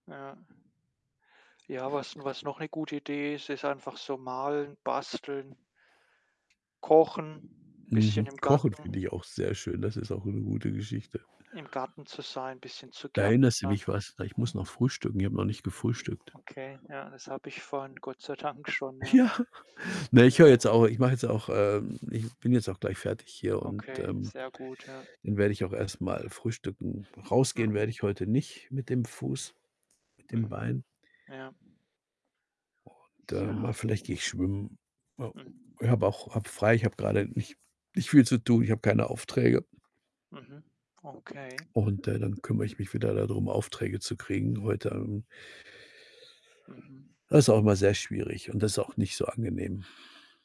Ja. Ja, was was noch 'ne gute Idee ist, ist einfach so malen, basteln kochen, bisschen Mhm. im Kochen finde Garten ich auch sehr schön. Das ist auch 'ne gute Geschichte. im Garten zu sein, 'n bisschen zu Da erinnerst du gärtnern. mich was, ich muss noch frühstücken. Ich habe noch nicht gefrühstückt. Okay, ja, das habe ich vorhin Gott sei Dank schon, ja. Ja, na, ich höre Ja. jetzt au ich mache jetzt auch, ähm ich bin jetzt auch gleich fertig hier und, Okay, ähm, sehr gut, ja. dann werde ich auch erst mal frühstücken. Rausgehen werde Hm. ich heute nicht mit dem Fuß, mit dem Mhm, Bein. ja. Und, ähm, ah, Ja. vielleicht gehe ich schwimmen. Ja, Mhm. ich habe auch habe frei, ich habe grade nicht nicht viel zu tun, ich habe keine Aufträge. Mhm, okay. Und, äh, dann kümmere ich mich wieder da drum, Aufträge zu kriegen heute, ähm Mhm. Das ist auch immer sehr schwierig und das ist auch nicht so angenehm.